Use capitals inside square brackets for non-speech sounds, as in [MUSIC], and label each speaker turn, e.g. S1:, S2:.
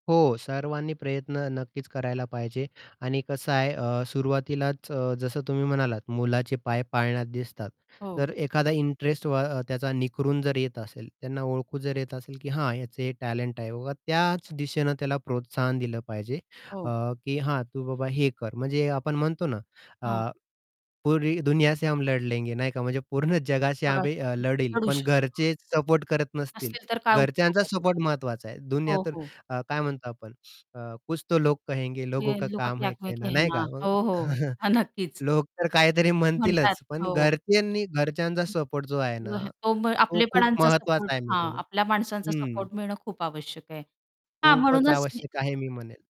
S1: हो, सर्वांनी प्रयत्न नक्कीच करायला पाहिजे आणि कसं आहे, अ, सुरुवातीलाच अ, जसं तुम्ही म्हणालात, "मुलाचे पाय पाळण्यात दिसतात."
S2: हो.
S1: तर एखादा इंटरेस्ट व अ, त्याचा निखरून जर येत असेल, त्यांना ओळखून जर येत असेल, की हां, याचं हे टॅलेंट आहे. ओ, हां, त्याच दिशेनं त्याला प्रोत्साहन दिलं पाहिजे, अ,
S2: हो.
S1: की हां, "तू बाबा हे कर." म्हणजे आपण म्हणतो ना
S2: हां.
S1: अ, पुरी दुनिया से हम लढ लेंगे, नाही का, म्हणजे पूर्ण जगाशी
S2: जगाशी
S1: आम्ही
S2: आपण
S1: लढेल,
S2: लढू
S1: पण
S2: शकतो.
S1: घरचेच सपोर्ट करत नसतील.
S2: असतील तर काय उपयोग
S1: घरच्यांचा
S2: आहे
S1: सपोर्ट
S2: त्याचा?
S1: महत्त्वाचा आहे. दुनिया
S2: हो,
S1: तर
S2: हो.
S1: अ, काय म्हणतो आपण अ, कुछ तो लोग कहेंगे लोगों का
S2: [UNINTELLIGIBLE] का
S1: काम
S2: क्या
S1: है
S2: है
S1: कहना, नाही
S2: कहना
S1: का, मग
S2: हो, हो, ह
S1: [CHUCKLES]
S2: नक्कीच.
S1: लोक तर काहीतरी
S2: म्हणतात,
S1: म्हणतीलच पण
S2: हो.
S1: घरच्यांनी घरच्यांचा
S2: [UNINTELLIGIBLE]
S1: सपोर्ट जो आहे ना,
S2: अहं, तो मग
S1: तो खूप
S2: आपलेपणांचा सपोर्ट
S1: महत्त्वाचा आहे मी
S2: हां,
S1: म्हणेल.
S2: आपल्या माणसांचा
S1: हं.
S2: सपोर्ट मिळणं खूप आवश्यक आहे. हां,
S1: खूपच
S2: म्हणूनच हे
S1: आवश्यक आहे मी म्हणेल.